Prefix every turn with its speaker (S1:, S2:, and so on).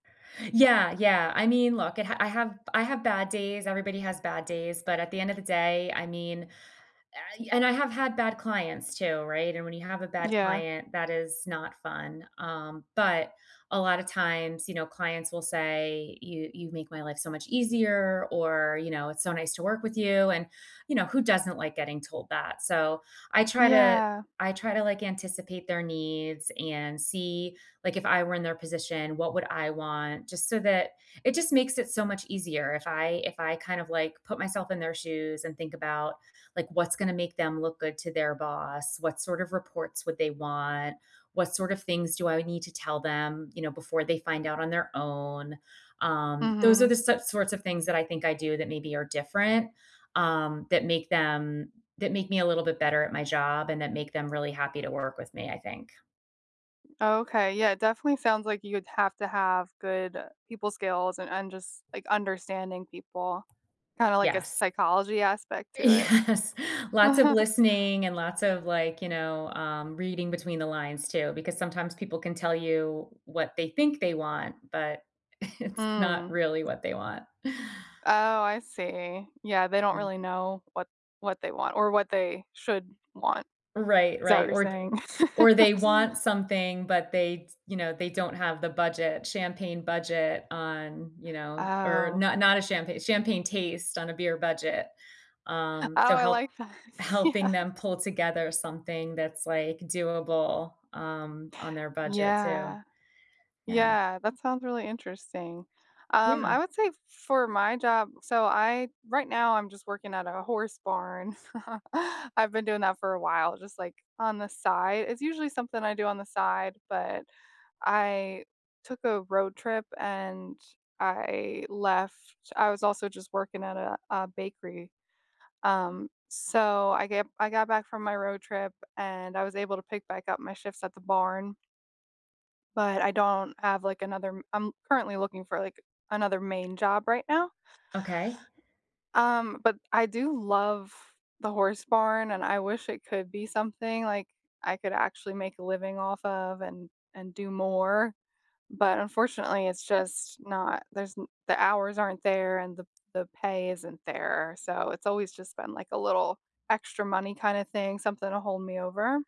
S1: Yeah, yeah, I mean, look, I ha I have I have bad days, everybody has bad days, but at the end of the day, I mean, I and I have had bad clients too, right? And when you have a bad
S2: Yeah.
S1: client, that is not fun. Um, but a lotta times, you know, clients will say, "You you've make my life so much easier," or, you know, "It's so nice to work with you." And, you know, who doesn't like getting told that? So, I try to
S2: Yeah.
S1: I try to, like, anticipate their needs and see, like, if I were in their position, what would I want? Just so that it just makes it so much easier if I if I kind of, like, put myself in their shoes and think about, like, what's gonna make them look good to their boss? What sort of reports would they want? What sort of things do I need to tell them, you know, before they find out on their own? Um, those are
S2: Mhm.
S1: the so sorts of things that I think I do that maybe are different. Um, that make them that make me a little bit better at my job and that make them really happy to work with me, I think.
S2: Okay, yeah, definitely sounds like you would have to have good people skills a and just, like, understanding people kinda like a
S1: Yes.
S2: psychology aspect to it.
S1: Yes. Lots of listening and lots of, like, you know, um, reading between the lines, too. Because sometimes people can tell you what they think they want, but it's not
S2: Mm.
S1: really what they want.
S2: Oh, I see. Yeah, they don't
S1: Yeah.
S2: really know what what they want or what they should want.
S1: Right,
S2: Is that what
S1: right.
S2: you're
S1: Or, th
S2: saying?
S1: or they want something, but they d you know, they don't have the budget. Champagne budget on, you know, or
S2: Oh.
S1: not not a champa champagne taste on a beer budget. Um,
S2: Oh,
S1: so
S2: I
S1: help
S2: like that. Yeah.
S1: helping them pull together something that's, like, doable, um, on their budget, too.
S2: Yeah.
S1: Yeah.
S2: Yeah, that sounds really interesting. Um,
S1: Yeah.
S2: I would say for my job So, I right now I'm just working at a horse barn. I've been doing that for a while just like on the side. It's usually something I do on the side, but I took a road trip and I left. I was also just working at a a bakery. Um, so, I get I got back from my road trip and I was able to pick back up my shifts at the barn. But I don't have like another m I'm currently looking for like another main job right now.
S1: Okay.
S2: Um, but I do love the horse barn and I wish it could be something, like, I could actually make a living off of and and do more. But unfortunately, it's just not. There's n the hours aren't there and the p the pay isn't there. So it's always just been like a little extra money kinda thing, something to hold me over.